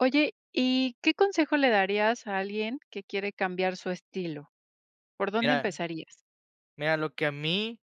Oye, ¿y qué consejo le darías a alguien que quiere cambiar su estilo? ¿Por dónde Mira, empezarías? mira, lo que a mí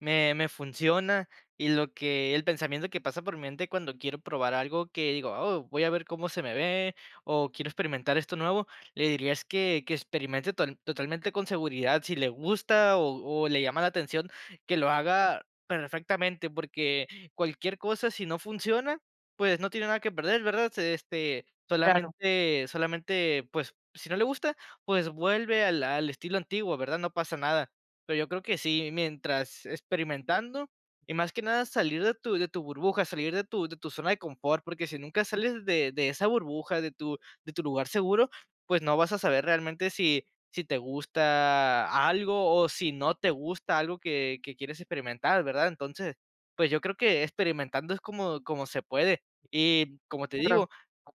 me me funciona, y lo que el pensamiento que pasa por mi mente cuando quiero probar algo, que digo: "Oh, voy a ver cómo se me ve, o quiero experimentar esto nuevo", le diría es que que experimente total totalmente con seguridad. Si le gusta, o o le llama la atención, que lo haga perfectamente, porque cualquier cosa, si no funciona, pues, no tiene nada que perder, ¿verdad? Se este, Claro. solamente solamente, pues, si no le gusta, pues, vuelve al al estilo antiguo, ¿verdad?, no pasa nada. Pero yo creo que sí, mientras experimentando y más que nada salir de tu de tu burbuja, salir de tu de tu zona de confort, porque si nunca sales de de esa burbuja, de tu de tu lugar seguro, pues, no vas a saber realmente si si te gusta algo, o o si no te gusta algo que que quieres experimentar, ¿verdad? Entonces, pues, yo creo que experimentando es como como se puede. Y como te Claro. digo,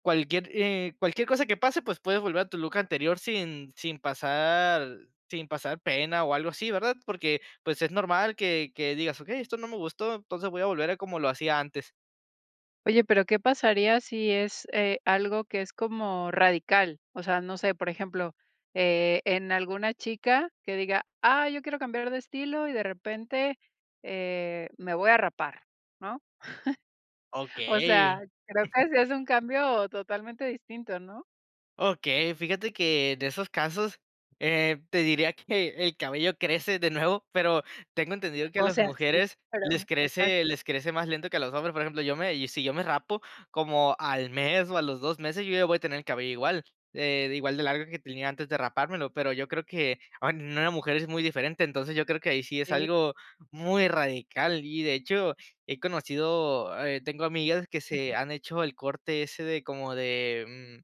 cualquier, eh, cualquier cosa que pase, pues, puedes volver a tu look anterior sin sin pasar sin pasar pena o algo así, ¿verdad? Porque, pues, es normal que que digas: "Okey, esto no me gustó, entonces voy a volver a como lo hacía antes". Oye, pero ¿qué pasaría si es, eh, algo que es como radical? O sea, no sé, por ejemplo, eh, en alguna chica que diga: "Ah, yo quiero cambiar de estilo, y de repente, eh, me voy a rapar", ¿no? O sea, Okey. creo que si es un cambio totalmente distinto, ¿no? Okey, fíjate que de esos casos, eh, te diría que el cabello crece de nuevo, pero tengo entendido que a O las sea, sí, mujeres pero, les crece exacto. les crece más lento que a los hombres, por ejemplo, yo me y si yo me rapo como al mes, o a los 2 meses, yo ya voy a tener el cabello igual, eh, igual de largo que tenía antes de rapármelo, pero yo creo que, ah, en una mujer es muy diferente, entonces yo creo que ahí sí es Sí. algo muy radical, y de hecho, he conocido, eh, tengo amigas que se han hecho el corte ese de como de, mm,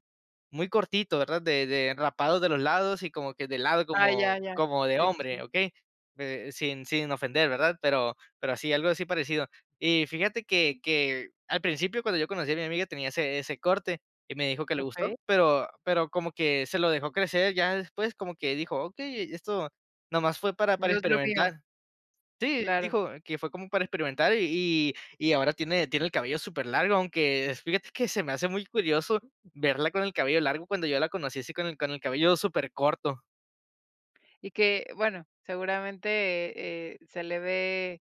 muy cortito, ¿verdad?, de de rapado de los lados y como que de lado Ah, como ya, ya. como de Sí, sí, hombre, sí. ¿okey?, eh, sin sin ofender, ¿verdad?, pero pero así algo así parecido. Y fíjate que que al principio, cuando yo conocí a mi amiga tenía ese ese corte, y me dijo que le Okey. gustó, pero pero como que se lo dejó crecer, ya después como que dijo: "Okey esto nomás fue para para No es lo mío. experimentar". Sí, Claro. dijo que fue como para experimentar, y y y ahora tiene tiene el cabello super largo, aunque fíjate que se me hace muy curioso verla con el cabello largo, cuando yo la conocí así con el con el cabello super corto. Y que, bueno, seguramente, eh eh, se le ve,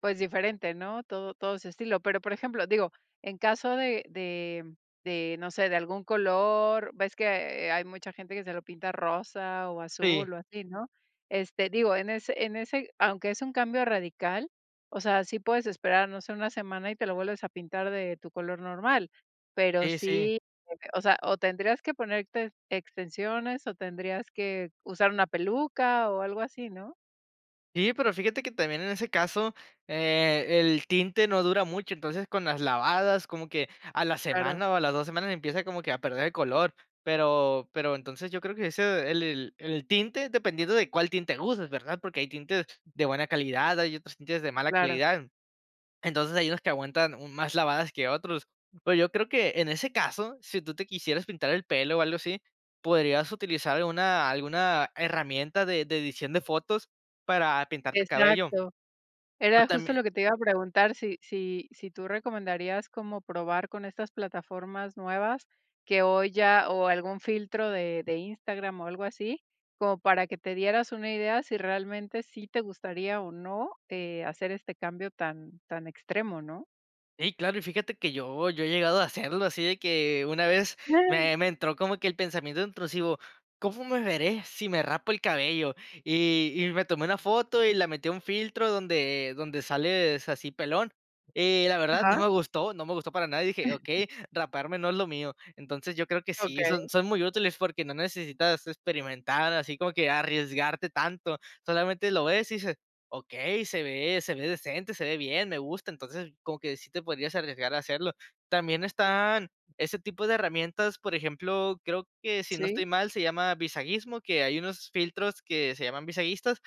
pues diferente, ¿no?, todo todo ese estilo. Pero, por ejemplo, digo, en caso de de de, no sé, de algún color, ves que hay mucha gente que se lo pinta rosa o Sí. azul o así, ¿no?, este, digo en ese en ese aunque es un cambio radical, o sea, sí puedes esperar, no sé, una semana y te lo vuelves a pintar de tu color normal, pero Sí, sí. sí de que, o sea, o tendrías que ponerte extensiones o tendrías que usar una peluca, o algo así, ¿no? Sí, pero fíjate que también en ese caso, eh, el tinte no dura mucho. Entonces con las lavadas como que a la Claro. semana o a las 2 semanas empieza como que a perder el color, pero pero entonces yo creo que ese el el el tinte dependiendo de cuál tinte uses, ¿verdad?, porque hay tintes de buena calidad, hay otros tintes de mala Claro. calidad. Entonces hay unos que aguantan más lavadas que otros. Pero yo creo que en ese caso, si tú te quisieras pintar el pelo o algo así, podrías utilizar una alguna herramienta de de edición de fotos para pintarte el cabello. Exacto. O Era justo también lo que te iba a preguntar. Si, si, si tú recomendarías como probar con estas plataformas nuevas que hoy ya o algún filtro de de Instagram o algo así, como para que te dieras una idea si realmente sí te gustaría o no, eh, hacer este cambio tan tan extremo, ¿no? Ey, claro. Y fíjate que yo yo he llegado a hacerlo así de que, una vez me me entró como que el pensamiento intrusivo: "¿Cómo me veré si me rapo el cabello?". Y y me tomé una foto y la metí a un filtro donde donde sales así pelón. Y la verdad, Ajá. no me gustó, no me gustó para nada y dije: "Okey, raparme no es lo mío". Entonces yo creo que sí, son Okey. son muy útiles, porque no necesitas experimentar, así como que arriesgarte tanto, solamente lo ves y dices: "Okey, se ve se ve decente, se ve bien, me gusta". Entonces como que sí te podrías arriesgar a hacerlo. También están ese tipo de herramientas, por ejemplo, creo que si no Sí. estoy mal se llama Visagismo, que hay unos filtros que se llaman visagistas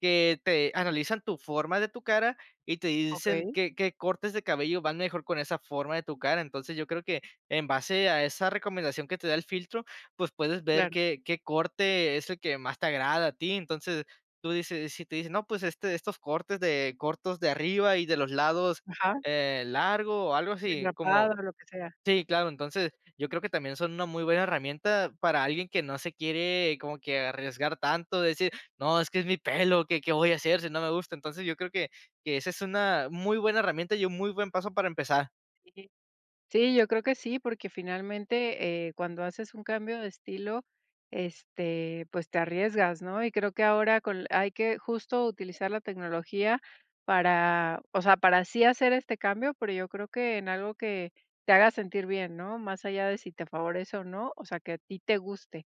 que te analizan tu forma de tu cara, y te dicen Okey. qué qué cortes de cabello van mejor con esa forma de tu cara. Entonces yo creo que en base a esa recomendación que te da el filtro, pues, puedes ver Claro. qué qué corte es el que más te agrada a ti, entonces, tú dices si te dicen: "No, pues, este estos cortes de cortos de arriba y de los lados, Ajá. eh, largo o algo Sí, así". rapado Como o lo que sea. Sí, claro. Entonces, yo creo que también son una muy buena herramienta para alguien que no se quiere como que arriesgar tanto, de decir: "No, es que es mi pelo, ¿qué qué voy a hacer si no me gusta?" Entonces yo creo que, que esa es una muy buena herramienta y un muy buen paso para empezar. Sí. Sí, yo creo que sí, porque finalmente, eh, cuando haces un cambio de estilo, este, pues, te arriesgas, ¿no? Y creo que ahora, con la hay que justo, utilizar la tecnología para, o sea, para sí hacer este cambio, pero, yo creo, que en algo que te haga sentir bien, ¿no? Más allá, de si te favorece o no. O sea, que a ti te guste.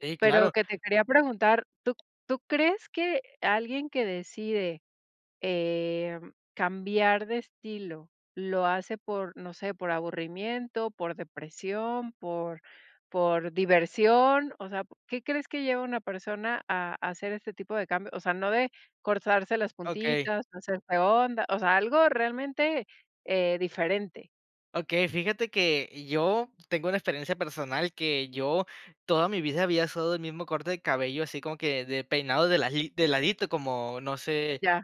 Sí, Pero, claro. que te quería preguntar, ¿tú tú crees que alguien que decide, eh, cambiar de estilo, lo hace por, no sé, por aburrimiento, por depresión, por por diversión. O sea, ¿qué crees que lleva una persona, a a hacer este tipo de cambio? O sea, no de cortarse las Okey. puntitas, hacerse onda, o sea, algo realmente, eh, diferente. Okey. Fíjate, que, yo tengo una experiencia personal, que yo toda mi vida, había usado el mismo corte de cabello, así como que, de peinado de la gi de ladito, como, no sé. Ya.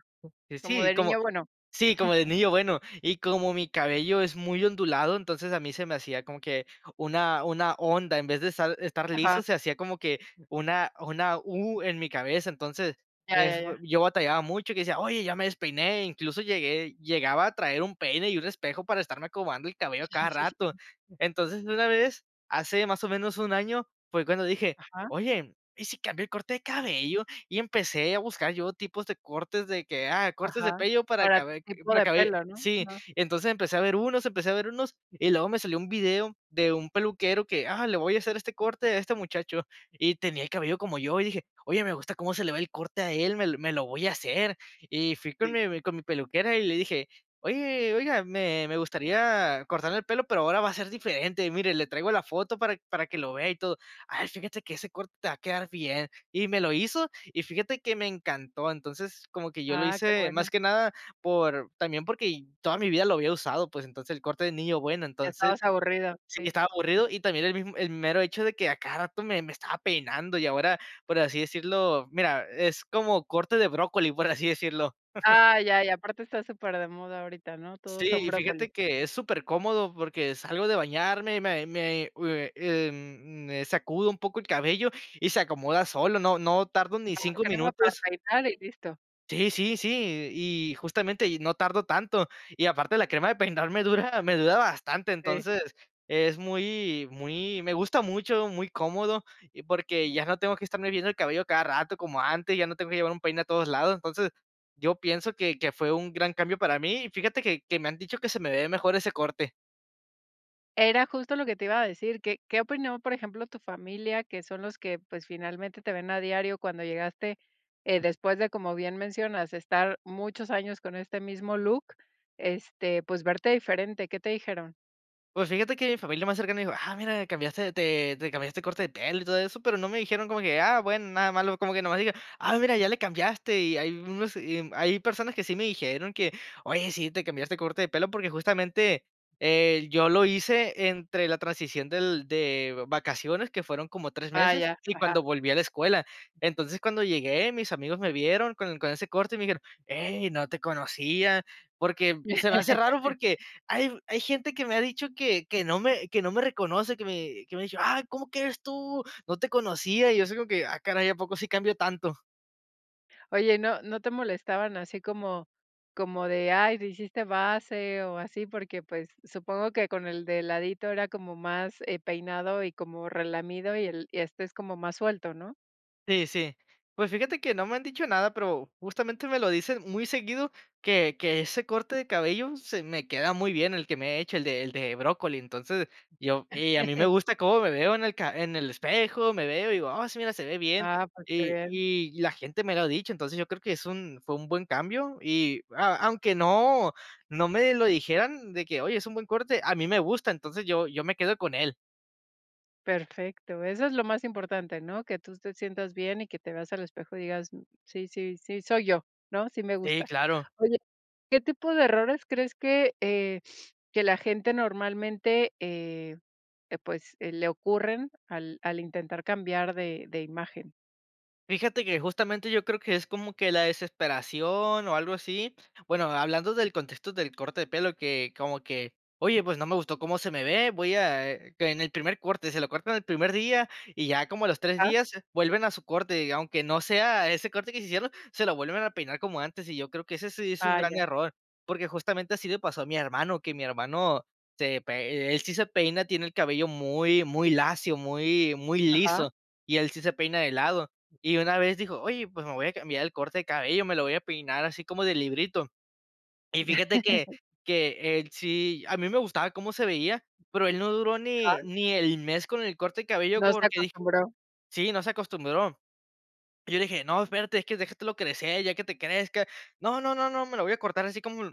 Como Sí, de como niño bueno. sí, como de niño bueno. Y como mi cabello es muy ondulado, entonces, a mí se me hacía, como que una una onda. En vez de estar estar liso, Ajá. se hacía como que una una U en mi cabeza. Entonces, Ya, eh, ya, f ya. yo batallaba mucho, y que decía: "Oye ya me despeiné". incluso, llegué llegaba a traer un peine y un espejo, para estarme acomodando el cabello a Sí, cada sí, sí. rato. Entonces, una vez, hace más o menos, 1 año, fue cuando dije: Ajá. "Oye, ¿y si cambió el corte de cabello?". Y, empecé a buscar yo, tipos de cortes, de que, ah, cortes de Ajá. pello para Para tu cabe tipo de cabe pelo, ¿no? Sí. No. Entonces, empecé a ver unos empecé a ver unos. Y luego, me salió un video de un peluquero, que: "Ah, le voy a hacer este corte a este muchacho". Y tenía el cabello como yo, y dije: "Oye, me gusta cómo se le ve el corte a él. Me me lo voy a hacer". Y fui con mi mi con mi peluquera, y le dije: "Oye, oiga, me me gustaría cortarme el pelo, pero ahora va a ser diferente. Mire, le traigo la foto, para para que lo vea y todo". "Ay, fíjate que ese corte, te va a quedar bien". Y me lo hizo, y fíjate, que me encantó. Entonces, como que yo lo Ah, qué hice, más bueno. que nada, por, también, porque toda mi vida lo había usado, pues, entonces, el corte de niño bueno, Ya entonces estabas aburrido. Sí, Sí. estaba aburrido. Y también, el mismo el mero hecho de que, a cada rato, me me estaba peinando. Y ahora, por así decirlo, mira, es como corte de brócoli, por así decirlo. Ah, ya. Y aparte, está súper de moda ahorita, ¿no? Todos son Sí. Y brócoli. fíjate, que es súper cómodo, porque salgo de bañarme, y me me u em, me sacudo un poco el cabello, y se acomoda solo. No no tardo ni [unintelligible] 5 crema para minutos. peinar, y listo. Sí, sí, sí. Y justamente, no tardo tanto, y aparte, la crema de peinar me dura me dura bastante. Sí. Entonces es muy muy me gusta mucho, muy cómodo, porque ya no tengo que estarme viendo el cabello a cada rato como antes, ya no tengo que llevar un peine a todos lados. Entonces yo pienso que que fue un gran cambio para mí y fíjate que que me han dicho que se me ve mejor ese corte. Era justo lo que te iba a decir. ¿Qué qué opinó, por ejemplo, tu familia, que son los que, pues, finalmente te ven a diario, cuando llegaste, eh, después de, como bien mencionas, estar muchos años con este mismo look, este, pues, verte diferente, qué te dijeron? Pues fíjate que mi familia más cercana me dijo: "Ah, mira, cambiaste, te te cambiaste el corte de pelo y todo eso", pero no me dijeron como que, ah, bueno, nada malo, como que nada más dijeron: "Ah, mira, ya le cambiaste", y hay unos, y hay personas que sí me dijeron que: "Oye, sí te cambiaste de corte de pelo", porque justamente, eh, yo lo hice entre la transición del de vacaciones, que fueron como 3 Ah, meses, ya. y Ajá. cuando volví a la escuela. Entonces cuando llegué, mis amigos me vieron con con ese corte y me dijeron: Ey, no te conocía", porque se me hace raro, porque hay hay gente que me ha dicho que que no me que no me reconoce, que me que me ha dicho: "Ah, ¿cómo que eres tú? No te conocía", y yo: "Ah, caray, ¿a poco sí cambio tanto?" Oye, ¿no no te molestaban así como como de: "Ay, te hiciste base", o así?, porque, pues, supongo que con el de ladito era como más, eh, peinado y como relamido. Y el y este es como más suelto, ¿no? Sí, sí. Pues, fíjate que no me han dicho nada, pero justamente me lo dicen muy seguido, que que ese corte de cabello, se me queda muy bien, el que me he hecho, el de el de brócoli. Entonces, yo y a mí me gusta cómo me veo en el ca en el espejo. Me veo y digo: "Ah, sí, mira, se ve bien". Ah, pues qué Y bien. y la gente me lo ha dicho. Entonces, yo creo que es un fue un buen cambio, y a aunque no no me lo dijeran, de que: "Oye, es un buen corte". A mí me gusta, entonces, yo yo me quedo con él. Perfecto. Eso es lo más importante, ¿no? Que tú te sientas bien y que te veas al espejo y digas: "Sí, sí, sí, soy yo", ¿no? "Sí, me Sí, gusta". claro. Oye, ¿qué tipo de errores crees que, eh, que la gente, normalmente, eh, eh, pues, eh, le ocurren al al intentar cambiar de de imagen? Fíjate que, justamente, yo creo que es como que la desesperación o algo así. Bueno, hablando del contexto del corte de pelo, que como que "Oye, pues no me gustó cómo se me ve". Voy a, eh, que en el primer corte, se lo cortan el primer día, y ya como a los 3 Ajá. días vuelven a su corte, aunque no sea ese corte que se hicieron, se lo vuelven a peinar como antes. Y yo creo que ese sí es un Ah, gran ya. error porque, justamente, así le pasó a mi hermano, que mi hermano se pe e él sí se peina. Tiene el cabello muy, muy lacio, muy, muy Ajá. liso y él sí se peina de lado, y una vez dijo: "Oye, pues me voy a cambiar el corte de cabello, me lo voy a peinar así como de librito". Y fíjate que que él sí, a mí me gustaba cómo se veía, pero él no duró ni Ajá. ni el mes con el corte de cabello No se porque, dije acostumbró. sí, no se acostumbró. Y yo le dije: "No espérate, es que déjatelo crecer, ya que te crezca". "No, no, no, no, me lo voy a cortar así como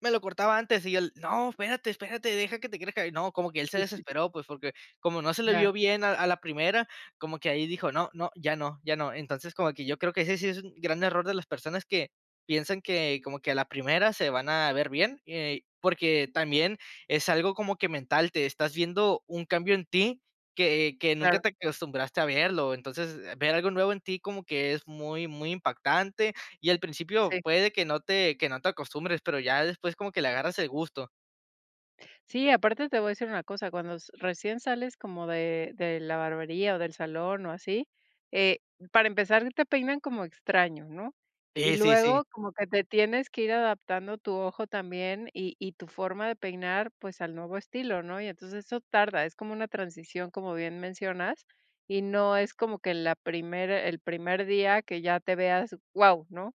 me lo cortaba antes". Y él: "No, espérate, espérate, deja que te crezca". Y no, como que él se [unintelligible] desesperó, pues, porque como no se le Ya. vio bien a a la primera, como que ahí dijo: "No, no, ya no, ya no". Entonces, como que yo creo que ese sí es un gran error de las personas que piensan que como que a la primera se van a ver bien, eh, porque también es algo como que mental, te estás viendo un cambio en ti que que nunca Claro. te acostumbraste a verlo. Entonces, ver algo nuevo en ti como que es muy, muy impactante y, al principio, Sí. puede que no te que no te acostumbres, pero ya después como que le agarras el gusto. Sí, aparte, te voy a decir una cosa, cuando s recién sales como de de la barbería, o del salón o así, eh, para empezar te peinan como extraño, ¿no? Y Sí, sí, sí. luego como que te tienes que ir adaptando tu ojo también, y y tu forma de peinar, pues, al nuevo estilo, ¿no? Y entonces eso tarda. Es como una transición, como bien mencionas. Y no es como que la primera el primer día que ya te veas, guau, ¿no?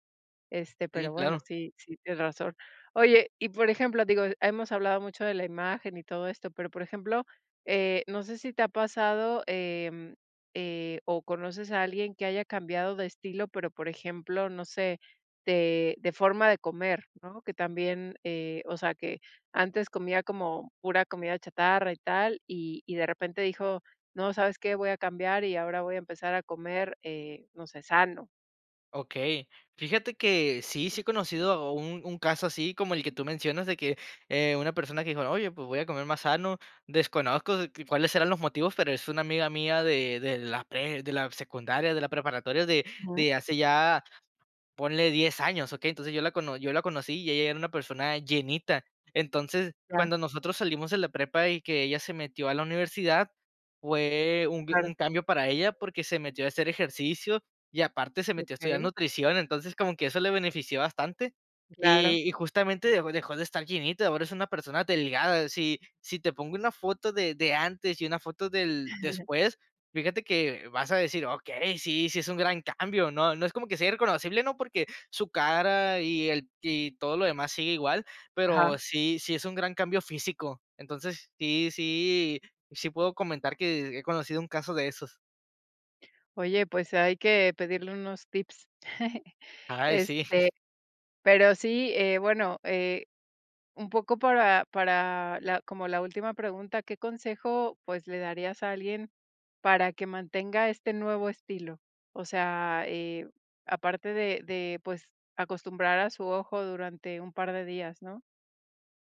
Este, Sí, pero bueno, claro. sí sí, tienes razón. Oye, y por ejemplo, digo, hemos hablado mucho de la imagen y todo esto, pero por ejemplo, eh, no sé, si te ha pasado, eh eh, o conoces a alguien que haya cambiado de estilo, pero por ejemplo, no sé, de de forma de comer, ¿no?, que también, eh, o sea, que antes comía como pura comida chatarra y tal, y y de repente dijo: "No, ¿sabes qué? Voy a cambiar y ahora voy a empezar a comer, eh, no sé, sano". Okey. Fíjate que si sí he conocido un un caso así como el que tú mencionas, de que, eh, una persona que dijo: "Oye, pues, voy a comer más sano". Desconozco cuáles eran los motivos, pero es una amiga mía de de la pre de la secundaria, de la preparatoria, de Ujú. de hace ya, ponle 10 años, ¿okey? Entonces yo la cono yo la conocí, y ella era una persona llenita. Entonces, Claro. cuando nosotros salimos de la prepa y que ella se metió a la universidad, fue un Claro. un cambio para ella porque se metió a hacer ejercicio. Y aparte se metió a estudiar Okey. nutrición. Entonces como que eso le benefició bastante, y Claro. y justamente dejó dejó de estar llenita. Ahora es una persona delgada. Si si te pongo una foto de de antes y una foto del después, fíjate que vas a decir: "Okey, sí, sí es un gran cambio, ¿no?" No es como que sea irreconocible, ¿no?, porque su cara y ella y todo lo demás sigue igual, Ajá. pero sí sí es un gran cambio físico. Entonces sí, sí, sí, puedo comentar que he conocido un caso de esos. Oye, pues hay que pedirle unos tips. Ay, sí. Este, pero sí, eh, bueno, eh, un poco para para la como la última pregunta, ¿qué consejo, pues le darías a alguien para que mantenga este nuevo estilo? O sea, eh, aparte de de, pues, acostumbrar a su ojo durante un par de días, ¿no?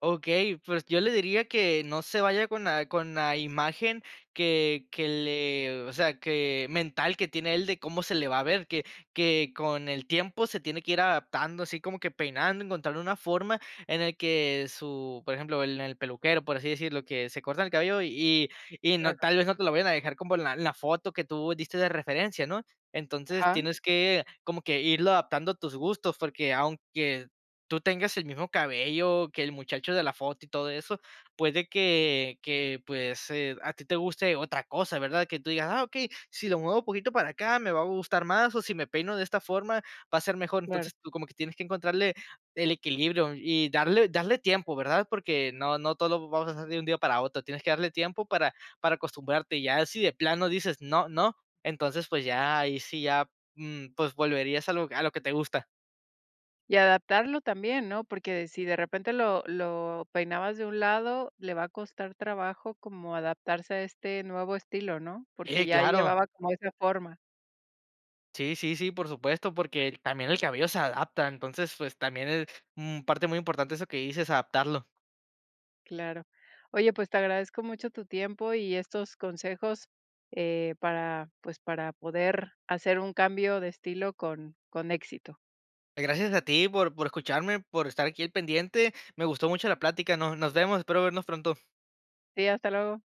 Okey, pues yo le diría que no se vaya con la con la imagen que que le o sea, que mental que tiene él de cómo se le va a ver que que con el tiempo se tiene que ir adaptando así como que peinando, encontrar una forma en el que su por ejemplo, en el peluquero, por así decirlo, que se cortan el cabello y y no, Claro. tal vez no te lo vayan a dejar como en la en la foto que tú diste de referencia, ¿no?, entonces Ajá. tienes que como que irlo adaptando a tus gustos, porque aunque tú tengas el mismo cabello que el muchacho de la foto y todo eso, puede que que pues, eh, a ti te guste otra cosa, ¿verdad?, que tú digas: "Ah, okey, si lo muevo un poquito para acá, me va a gustar más, o si me peino de esta forma, va a ser mejor". Claro. Entonces tú como que tienes que encontrar el equilibrio y darle darle tiempo, ¿verdad?, porque no no todo vamos a hacer de un día para otro. Tienes que darle tiempo para para acostumbrarte, y ya si de plano dices: "No, no", entonces pues ya ahí sí ya, mm, pues volverías a lo a lo que te gusta. Y adaptarlo también, ¿no?, porque si de repente lo lo peinabas de un lado, le va a costar trabajo como adaptarse a este nuevo estilo, ¿no?, Sí, porque ya claro. llevaba como esa forma. Sí, sí, sí, por supuesto, porque también el cabello se adapta. Entonces, pues también es mm, parte muy importante eso que dices, adaptarlo. Claro. Oye, pues te agradezco mucho tu tiempo y estos consejos, eh, para, pues para poder hacer un cambio de estilo con con éxito. Pues gracias a ti por por escucharme, por estar aquí al pendiente. Me gustó mucho la plática, no nos vemos, espero vernos pronto. Sí, hasta luego.